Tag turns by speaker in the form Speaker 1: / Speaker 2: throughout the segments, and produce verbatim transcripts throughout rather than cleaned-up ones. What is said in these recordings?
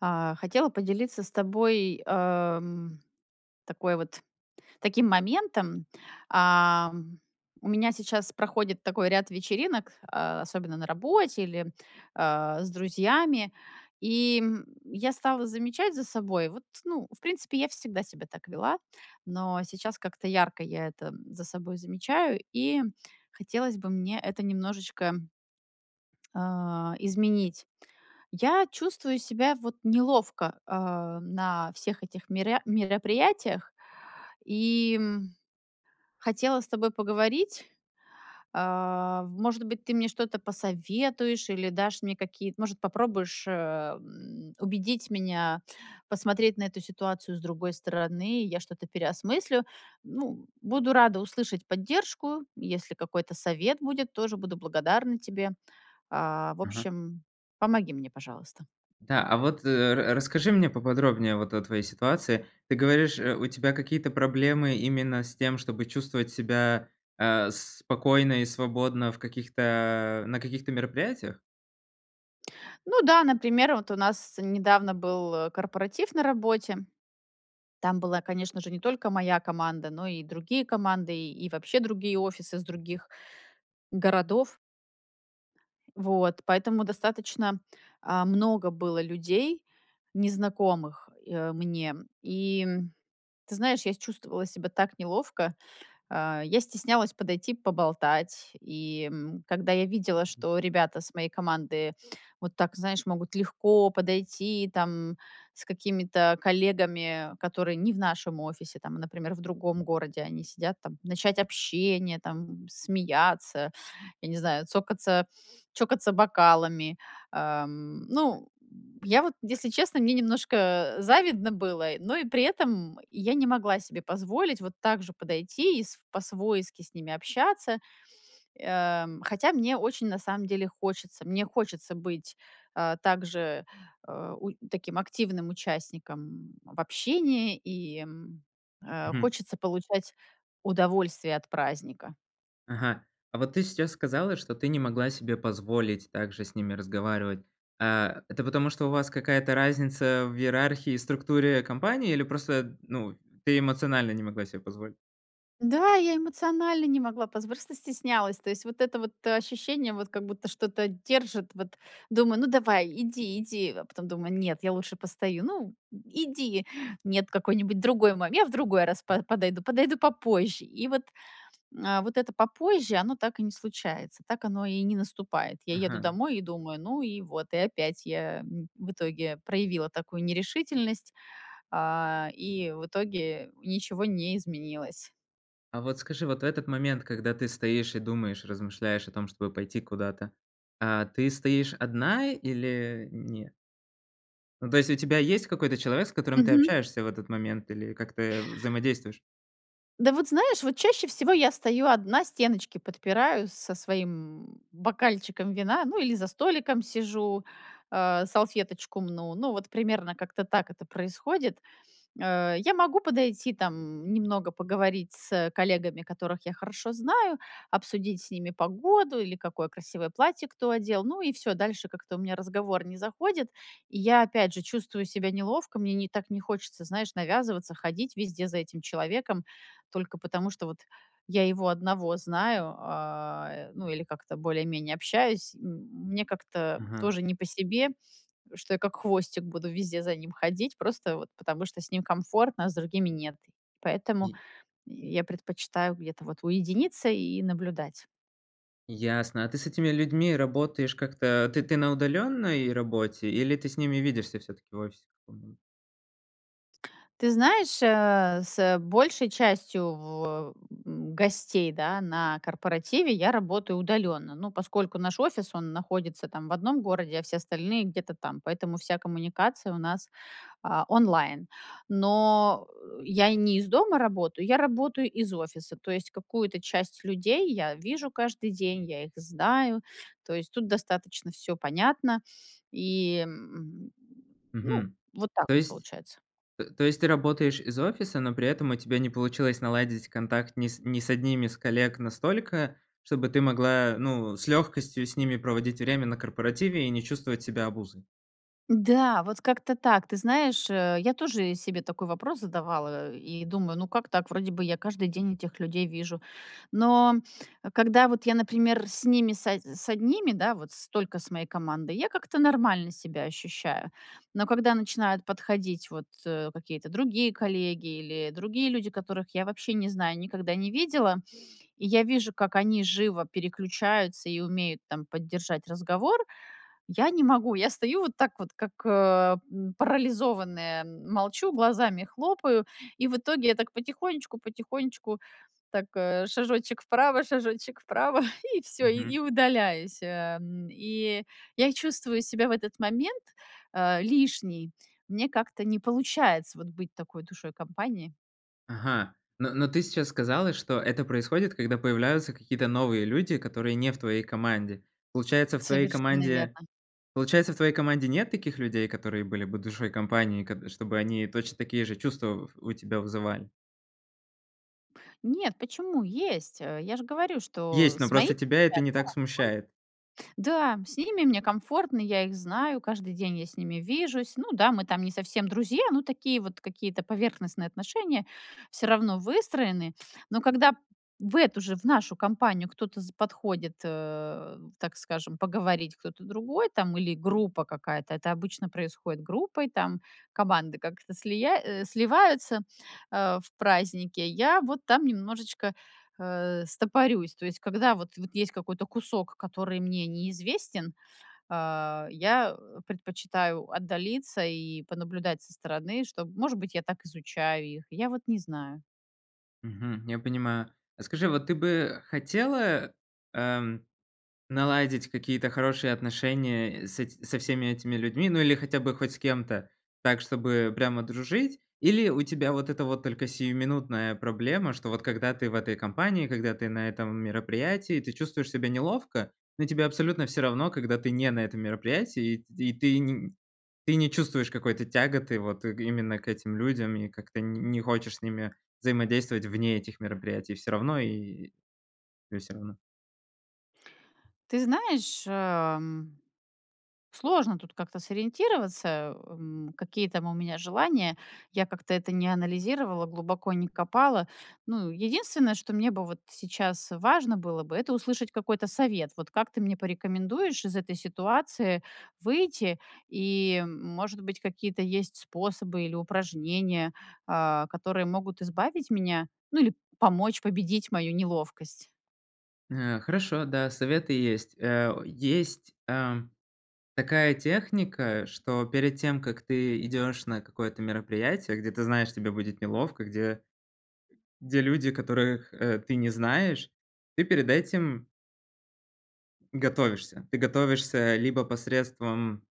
Speaker 1: А, хотела поделиться с тобой, а, м, такой вот таким моментом. А, у меня сейчас проходит такой ряд вечеринок, а, особенно на работе или, а, с друзьями. И, м, я стала замечать за собой. Вот, ну, в принципе, я всегда себя так вела, но сейчас как-то ярко я это за собой замечаю, и хотелось бы мне это немножечко а, изменить. Я чувствую себя, вот, неловко, а, на всех этих меря мероприятиях, и, м, хотела с тобой поговорить. А, в может быть, ты мне что-то посоветуешь или дашь мне какие-то может, попробуешь, э, м, убедить меня посмотреть на эту ситуацию с другой стороны. Я что-то переосмыслю. Ну, буду рада услышать поддержку. Если какой-то совет будет, тоже буду благодарна тебе. А, в
Speaker 2: Мгм.
Speaker 1: общем, помоги мне, пожалуйста.
Speaker 2: Да, а вот, э, ра расскажи мне поподробнее вот о твоей ситуации. Ты говоришь, э, у тебя какие-то проблемы именно с тем, чтобы чувствовать себя, а, спокойно и свободно в каких-то на каких-то мероприятиях?
Speaker 1: Ну да, например, вот у нас недавно был корпоратив на работе. Там была, конечно же, не только моя команда, но и другие команды, и и вообще другие офисы с других городов. Вот поэтому достаточно, а, много было людей, незнакомых, э, мне. И, м, ты знаешь, я с чувствовала себя так неловко. Э, я стеснялась подойти, поболтать. И, м, когда я видела, что ребята с моей команды вот так, знаешь, могут легко подойти, там, с какими-то коллегами, которые не в нашем офисе, там, а например, в другом городе. Они сидят там, начать общение, там, смеяться, я не знаю, цокаться чокаться бокалами. Эм, ну, я вот, если честно, мне немножко завидно было, но и при этом я не могла себе позволить вот так же подойти и с по-свойски с ними общаться. Эм, хотя мне очень, на самом деле, хочется. Мне хочется быть, а, также, э, у таким активным участником, м, в общении и, м, э,
Speaker 2: Мгм.
Speaker 1: хочется получать удовольствие от праздника.
Speaker 2: Ага, а вот ты сейчас сказала, что ты не могла себе позволить также с ними разговаривать, а. Это потому, что у вас какая-то разница в иерархии и структуре компании? Или просто, ну, ты эмоционально не могла себе позволить?
Speaker 1: Да, я эмоционально не могла позв просто стеснялась. То есть вот это вот ощущение, вот как будто что-то держит, вот думаю: "Ну, давай, иди, иди". А потом думаю: "Нет, я лучше постою. Ну, м, иди, нет, какой-нибудь другой момент, я в другой раз по подойду, подойду попозже". И вот, а, вот это попозже, оно так и не случается, так оно и не наступает. Я еду
Speaker 2: Ага.
Speaker 1: домой и думаю: "Ну и вот". И опять я, м, в итоге проявила такую нерешительность, а, и в итоге ничего не изменилось.
Speaker 2: А вот скажи, вот в этот момент, когда ты стоишь и думаешь, размышляешь о том, чтобы пойти куда-то, а ты стоишь одна или н нет? Ну, то есть у тебя есть какой-то человек, с которым ты
Speaker 1: Мгм.
Speaker 2: общаешься в этот момент или как-то, э, взаимодействуешь?
Speaker 1: Да, вот знаешь, вот чаще всего я стою одна, стеночки подпираю со своим бокальчиком вина, ну или за столиком сижу, а, салфеточку мну. Ну, вот примерно как-то так это происходит. Э, я могу подойти, там, немного поговорить с, э, коллегами, которых я хорошо знаю, обсудить с ними погоду или какое красивое платье кто одел, ну и всё, дальше как-то у меня разговор не заходит. И я опять же чувствую себя неловко, мне не так не хочется, знаешь, навязываться, ходить везде за этим человеком только потому, что вот я его одного знаю, а, э, ну или как-то более-менее общаюсь. М мне как-то
Speaker 2: Мгм.
Speaker 1: тоже не по себе, что я как хвостик буду везде за ним ходить, просто вот потому что с ним комфортно, а с другими нет. Поэтому я предпочитаю где-то вот уединиться и наблюдать.
Speaker 2: Ясно, а ты с этими людьми работаешь как-то? Ты ты на удалённой работе, или ты с ними видишься всё-таки в офисе каком-нибудь?
Speaker 1: Ты знаешь, э, с большей частью в а, м, гостей, да, на корпоративе я работаю удалённо. Ну, поскольку наш офис, он находится, там, в одном городе, а все остальные где-то там. Поэтому вся коммуникация у нас, а, онлайн. Но, э, я и не из дома работаю, я работаю из офиса. То есть какую-то часть людей я вижу каждый день, я их знаю, то есть тут достаточно всё понятно и, м, ну,
Speaker 2: Мгм,
Speaker 1: вот так
Speaker 2: то
Speaker 1: вот
Speaker 2: есть,
Speaker 1: получается.
Speaker 2: э, то есть ты работаешь из офиса, но при этом у тебя не получилось наладить контакт ни с ни с одними из коллег настолько, чтобы ты могла, ну, с легкостью с ними проводить время на корпоративе и не чувствовать себя обузой?
Speaker 1: Да, вот как-то так. Ты знаешь, э, я тоже себе такой вопрос задавала и думаю: "Ну как так, вроде бы я каждый день этих людей вижу". Но когда вот я, например, с ними с од с одними, да, вот столько с моей командой, я как-то нормально себя ощущаю. Но когда начинают подходить, вот, э, какие-то другие коллеги или другие люди, которых я вообще не знаю, никогда не видела, и я вижу, как они живо переключаются и умеют, там, поддержать разговор. Я не могу. Я стою вот так вот, как, э, м, парализованная, молчу, глазами хлопаю, и в итоге я так потихонечку-потихонечку, так, э, шажочек вправо, шажочек вправо и всё, и и
Speaker 2: Мгм.
Speaker 1: удаляюсь. А, м, и я чувствую себя в этот момент, а, лишней. У меня как-то не получается вот быть такой душой компании.
Speaker 2: Ага, но но ты сейчас сказала, что это происходит, когда появляются какие-то новые люди, которые не в твоей команде. Получается, в твоей
Speaker 1: Совершенно
Speaker 2: команде
Speaker 1: верно.
Speaker 2: получается, в твоей команде нет таких людей, которые были бы душой компании, кад чтобы они точно такие же чувства в у тебя вызывали?
Speaker 1: Нет, почему, есть. Э, я же говорю, что
Speaker 2: Есть, но
Speaker 1: с моими,
Speaker 2: просто тебя это не так смущает?
Speaker 1: [unintelligible] да, с ними мне комфортно, я их знаю, каждый день я с ними вижусь. Ну да, мы там не совсем друзья, но такие вот какие-то поверхностные отношения всё равно выстроены. Но когда в эту же, в нашу компанию кто-то з подходит, а, так скажем, поговорить- кто-то другой, там, или группа какая-то, это обычно происходит группой, там, команды как-то слия э, сливаются, а, в празднике. Я вот там немножечко, а, стопорюсь. То есть когда вот вот есть какой-то кусок, который мне неизвестен, а, я, э, предпочитаю отдалиться и понаблюдать со стороны, чтоб, может быть, я так изучаю их. Я вот не знаю.
Speaker 2: Мгм, я понимаю. А скажи, вот ты бы хотела, ам, наладить какие-то хорошие отношения с эт со всеми этими людьми, ну, или хотя бы хоть с кем-то так, чтобы прямо дружить? Или у тебя вот эта вот только сиюминутная проблема, что вот когда ты в этой компании, когда ты на этом мероприятии, ты чувствуешь себя неловко; но тебе абсолютно всё равно, когда ты не на этом мероприятии, и т ты не, ты не чувствуешь какой-то тяготы вот именно к этим людям и как-то н не хочешь с ними взаимодействовать вне этих мероприятий, всё равно? И тебе всё равно.
Speaker 1: Ты знаешь, а, м, сложно тут как-то сориентироваться, м, какие там у меня желания. Я как-то это не анализировала, глубоко не копала. Ну, единственное, что мне бы вот сейчас важно было бы- это услышать какой-то совет. Вот как ты мне порекомендуешь из этой ситуации выйти и, может быть, какие-то есть способы или упражнения, а, которые могут избавить меня, ну, или помочь победить мою неловкость.
Speaker 2: Э, хорошо, да, советы есть, а, есть, а, такая техника, что перед тем, как ты идёшь на какое-то мероприятие, где ты знаешь, тебе будет неловко, где где люди, которых, а, ты не знаешь, ты перед этим Готовишься. Ты готовишься либо посредством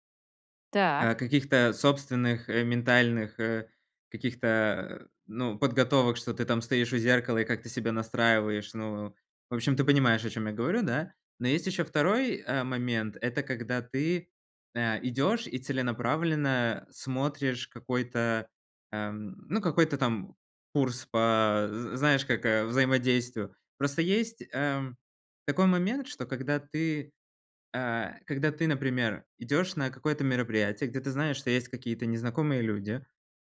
Speaker 2: а,
Speaker 1: Так.
Speaker 2: каких-то собственных ментальных, э, каких-то, э, ну, подготовок, что ты там стоишь у зеркала и как-то себя настраиваешь. Ну, в общем, ты понимаешь, о чём я говорю, да. Но есть еще второй, а, момент- это когда ты, а, идешь и целенаправленно смотришь какой-то, ам, ну, какой-то там курс по з знаешь, как, а, взаимодействию. Просто есть, эм, такой момент, что когда ты, а, когда ты, например, идешь на какое-то мероприятие, где ты знаешь, что есть какие-то незнакомые люди,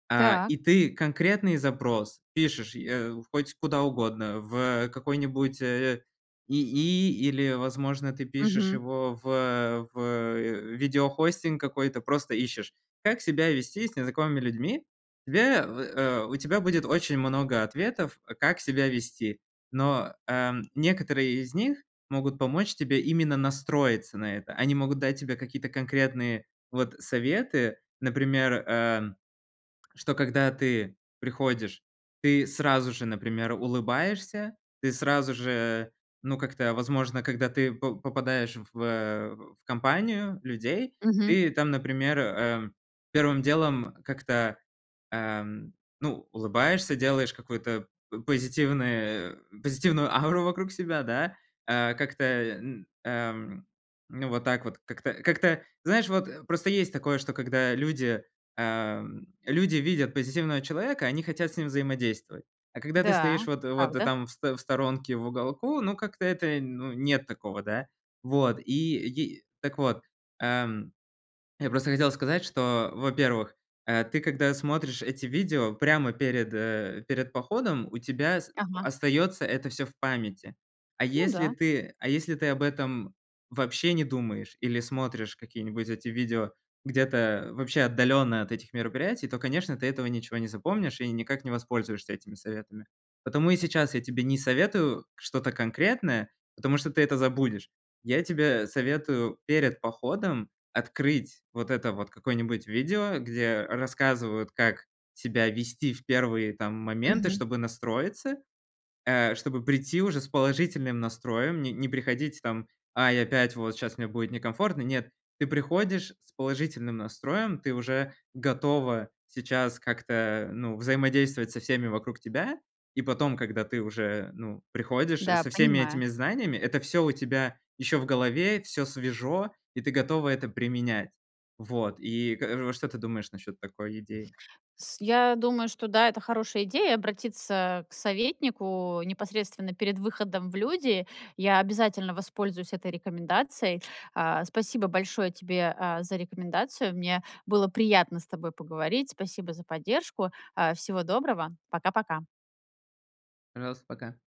Speaker 2: а,
Speaker 1: Так.
Speaker 2: и ты конкретный запрос пишешь, э, хоть куда угодно, в какой-нибудь, э, ИИ или, возможно, ты пишешь
Speaker 1: Мгм.
Speaker 2: его в в видеохостинг какой-то, просто ищешь: "как себя вести с незнакомыми людьми." Тебе э, у тебя будет очень много ответов, как себя вести. Но, а, некоторые из них могут помочь тебе именно настроиться на это. Они могут дать тебе какие-то конкретные, вот, советы, например, э, что когда ты приходишь, ты сразу же, например, улыбаешься, ты сразу же, ну, как-то, возможно, когда ты по попадаешь в в компанию людей,
Speaker 1: Мгм.
Speaker 2: ты там, например, э, первым делом как-то, ам, ну, улыбаешься, делаешь какую-то по позитивное позитивную ауру вокруг себя, да, а как-то, н ам, ну вот так вот как-то как-то. Знаешь, вот, э, просто есть такое, что когда люди, ам, люди видят позитивного человека, они хотят с ним взаимодействовать, а когда ты
Speaker 1: Да,
Speaker 2: стоишь вот вот
Speaker 1: правда.
Speaker 2: там в сто в сторонке в уголку, ну, как-то это, ну, нет такого, да. Вот, и и так вот, ам, я просто хотел сказать, что, во-первых, э, ты когда смотришь эти видео прямо перед, э, перед походом, у тебя с
Speaker 1: Ага.
Speaker 2: остается это всё в памяти. А
Speaker 1: Ну
Speaker 2: если
Speaker 1: да.
Speaker 2: ты а если ты об этом вообще не думаешь или смотришь какие-нибудь эти видео где-то вообще отдалённо от этих мероприятий, то, конечно, ты этого ничего не запомнишь и никак не воспользуешься этими советами. Потому и сейчас я тебе не советую что-то конкретное, потому что ты это забудешь. Я тебе советую перед походом открыть вот это вот какое-нибудь видео, где рассказывают, как себя вести в первые там моменты,
Speaker 1: Мгм.
Speaker 2: чтобы настроиться, э, чтобы прийти уже с положительным настроем. Не не приходить, там: "Ай, опять, вот щас мне будет некомфортно." Нет, ты приходишь с положительным настроем, ты уже готова сейчас как-то, ну, взаимодействовать со всеми вокруг тебя, и потом, когда ты уже, ну, приходишь
Speaker 1: Да,
Speaker 2: со всеми
Speaker 1: понимаю.
Speaker 2: этими знаниями, это всё у тебя еще в голове, всё свежо, и ты готова это применять. Вот, и как р вот что ты думаешь насчёт такой идеи?
Speaker 1: С я думаю, что да, это хорошая идея- обратиться к советнику непосредственно перед выходом в люди. Я обязательно воспользуюсь этой рекомендацией. А, спасибо большое тебе, а, за рекомендацию. Мне было приятно с тобой поговорить. Спасибо за поддержку. А, всего доброго, пока-пока.
Speaker 2: Пожалуйста, пока.